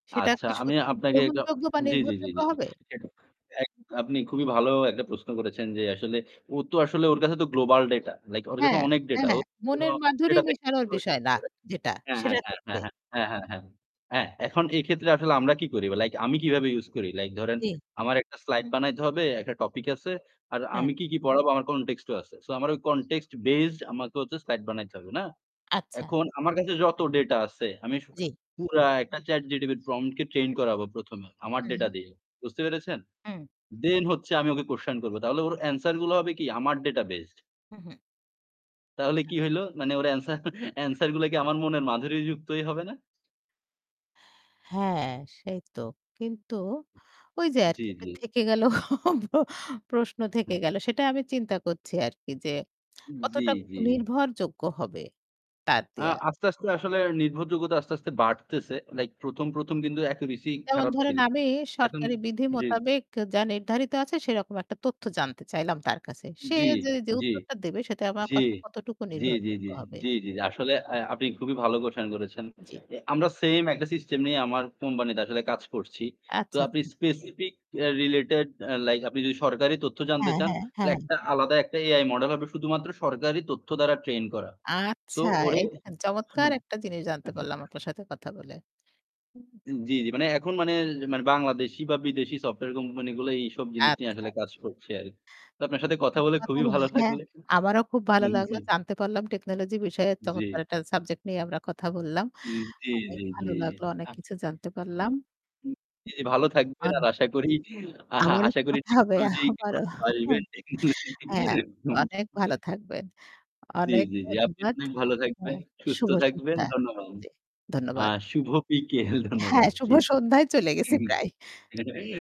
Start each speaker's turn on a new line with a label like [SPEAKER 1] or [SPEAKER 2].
[SPEAKER 1] সেটা
[SPEAKER 2] আচ্ছা
[SPEAKER 1] কি
[SPEAKER 2] আমি
[SPEAKER 1] সত্যিই
[SPEAKER 2] আপনাকে একটু
[SPEAKER 1] গ্রহণযোগ্য বা
[SPEAKER 2] জি, জি, জি,
[SPEAKER 1] নির্ভরযোগ্য
[SPEAKER 2] জি।
[SPEAKER 1] হবে?
[SPEAKER 2] আপনি খুবই ভালো একটা প্রশ্ন করেছেন যে আসলে ও তো আসলে ওর কাছে তো গ্লোবাল ডেটা। লাইক ওর কাছে
[SPEAKER 1] হ্যাঁ,
[SPEAKER 2] অনেক ডেটা।
[SPEAKER 1] হ্যাঁ মনের মাধুরী
[SPEAKER 2] [unintelligible]
[SPEAKER 1] মিশানোর বিষয় না যেটা
[SPEAKER 2] হ্যাঁ, হ্যাঁ,
[SPEAKER 1] সেটার
[SPEAKER 2] হ্যাঁ,
[SPEAKER 1] ক্ষেত্রে।
[SPEAKER 2] হ্যাঁ, হ্যাঁ। হ্যাঁ এখন এক্ষেত্রে আসলে আমরা কি করি লাইক আমি কিভাবে ইউজ করি লাইক ধরেন
[SPEAKER 1] জি।
[SPEAKER 2] আমার একটা স্লাইড বানাইতে হবে, একটা টপিক আছে। আর আমি
[SPEAKER 1] হ্যাঁ।
[SPEAKER 2] কি, কি পড়াবো আমার কনটেক্সট ও আছে। সো আমার ওই কনটেক্সট বেসড আমাকে হচ্ছে স্লাইড বানাইতে হবে না?
[SPEAKER 1] আচ্ছা।
[SPEAKER 2] এখন আমার কাছে যত ডেটা আছে আমি
[SPEAKER 1] জি।
[SPEAKER 2] পুরা একটা চ্যাট জিটিটি প্রম্পট কে ট্রেইন করাবো প্রথমে আমার
[SPEAKER 1] হু,
[SPEAKER 2] ডেটা
[SPEAKER 1] হু।
[SPEAKER 2] দিয়ে। বুঝতে পেরেছেন?
[SPEAKER 1] হুম।
[SPEAKER 2] দেন হচ্ছে আমি ওকে কুয়েসশন করব। তাহলে ওর অ্যানসার গুলো হবে কি আমার ডেটা বেসড।
[SPEAKER 1] হু, হু।
[SPEAKER 2] তাহলে কি হইল? মানে ওর অ্যানসার অ্যানসার গুলো কি আমার মনের মাধুরী যুক্তই হবে না?
[SPEAKER 1] হ্যাঁ সেই তো। কিন্তু ওই যে
[SPEAKER 2] জি,
[SPEAKER 1] আরকি
[SPEAKER 2] জি।
[SPEAKER 1] থেকে গেল প্রশ্ন
[SPEAKER 2] হু।
[SPEAKER 1] থেকে গেল। সেটা আমি চিন্তা করছি আরকি যে
[SPEAKER 2] জি,
[SPEAKER 1] কতটা
[SPEAKER 2] জি।
[SPEAKER 1] নির্ভরযোগ্য হবে তার
[SPEAKER 2] আ
[SPEAKER 1] দেয়া।
[SPEAKER 2] আস্তে, আস্তে আসলে নির্ভরযোগ্যতা আস্তে, আস্তে বাড়তেছে। লাইক ১ম, ১ম কিন্তু অ্যাকুরেসি
[SPEAKER 1] যেমন
[SPEAKER 2] খারাপ
[SPEAKER 1] ধরেন
[SPEAKER 2] ছিল।
[SPEAKER 1] আমি
[SPEAKER 2] এখন
[SPEAKER 1] সরকারি বিধি
[SPEAKER 2] জি, জি।
[SPEAKER 1] মোতাবেক যা নির্ধারিত আছে সেরকম একটা তথ্য জানতে চাইলাম তার কাছে। সে
[SPEAKER 2] জি,
[SPEAKER 1] যে যে
[SPEAKER 2] জি,
[SPEAKER 1] উত্তরটা দেবে সে আমার
[SPEAKER 2] জি,
[SPEAKER 1] কথা কতটুকু
[SPEAKER 2] জি, জি,
[SPEAKER 1] নির্ভরযোগ্য
[SPEAKER 2] জি,
[SPEAKER 1] হবে?
[SPEAKER 2] জি, জি, জি। আসলে আপনি খুবই ভালো কুয়েসচেন করেছেন।
[SPEAKER 1] জি।
[SPEAKER 2] আমরা সেম একটা সিস্টেম নিয়ে আমার কোম্পানিতে আসলে কাজ করছি। তো
[SPEAKER 1] আচ্ছা,
[SPEAKER 2] আপনি
[SPEAKER 1] আচ্ছা।
[SPEAKER 2] স্পেসিফিক রিলেটেড লাইক আপনি যদি সরকারি তথ্য জানতে
[SPEAKER 1] হ্যাঁ,
[SPEAKER 2] চান
[SPEAKER 1] হ্যাঁ
[SPEAKER 2] তাহলে
[SPEAKER 1] ,হ্যাঁ।
[SPEAKER 2] একটা আলাদা একটা এআই মডেল হবে শুধুমাত্র সরকারি তথ্য দ্বারা ট্রেন করা। সো
[SPEAKER 1] আচ্ছা
[SPEAKER 2] ওরে
[SPEAKER 1] এই দেখেন চমৎকার একটা জিনিস জানতে পারলাম আপনার সাথে কথা বলে।
[SPEAKER 2] জি, জি। মানে এখন মানে বাংলাদেশী বা বিদেশি সফটওয়্যার কোম্পানি গুলো এইসব জিনিস নিয়ে
[SPEAKER 1] আচ্ছা।
[SPEAKER 2] আসলে কাজ করছে আরকি। তো আপনার সাথে কথা বলে খুবই ভালো
[SPEAKER 1] হ্যাঁ
[SPEAKER 2] লাগলে
[SPEAKER 1] আমারও খুব ভালো
[SPEAKER 2] জি।
[SPEAKER 1] লাগলো। জানতে পারলাম টেকনোলজি বিষয়ে চমৎকার
[SPEAKER 2] জি।
[SPEAKER 1] একটা সাবজেক্ট নিয়ে আমরা কথা বললাম।
[SPEAKER 2] জি, জি,
[SPEAKER 1] অনেক
[SPEAKER 2] জি।
[SPEAKER 1] ভালো লাগলো, অনেক কিছু জানতে পারলাম।
[SPEAKER 2] জি, জি ভালো থাকবেন আর আশা করি আহা
[SPEAKER 1] আবারও
[SPEAKER 2] আশা করি
[SPEAKER 1] কথা হবে
[SPEAKER 2] টেকনোলজি
[SPEAKER 1] আবারও
[SPEAKER 2] ভালোবাসবেন টেকনোলজি।
[SPEAKER 1] হ্যাঁ, অনেক ভালো
[SPEAKER 2] [unintelligible]
[SPEAKER 1] থাকবেন।
[SPEAKER 2] জি,
[SPEAKER 1] অনেক
[SPEAKER 2] জি, জি। আপনি
[SPEAKER 1] ধন্যবাদ
[SPEAKER 2] অনেক ভালো থাকবেন,
[SPEAKER 1] হ্যাঁ,
[SPEAKER 2] সুস্থ
[SPEAKER 1] শুভ
[SPEAKER 2] থাকবেন।
[SPEAKER 1] সন্ধ্যা।
[SPEAKER 2] ধন্যবাদ।
[SPEAKER 1] ধন্যবাদ।
[SPEAKER 2] আর শুভ বিকেল
[SPEAKER 1] হ্যাঁ,
[SPEAKER 2] ধন্যবাদ।
[SPEAKER 1] শুভ
[SPEAKER 2] জি।
[SPEAKER 1] সন্ধ্যায় চলে গেছি প্রায়।
[SPEAKER 2] হুম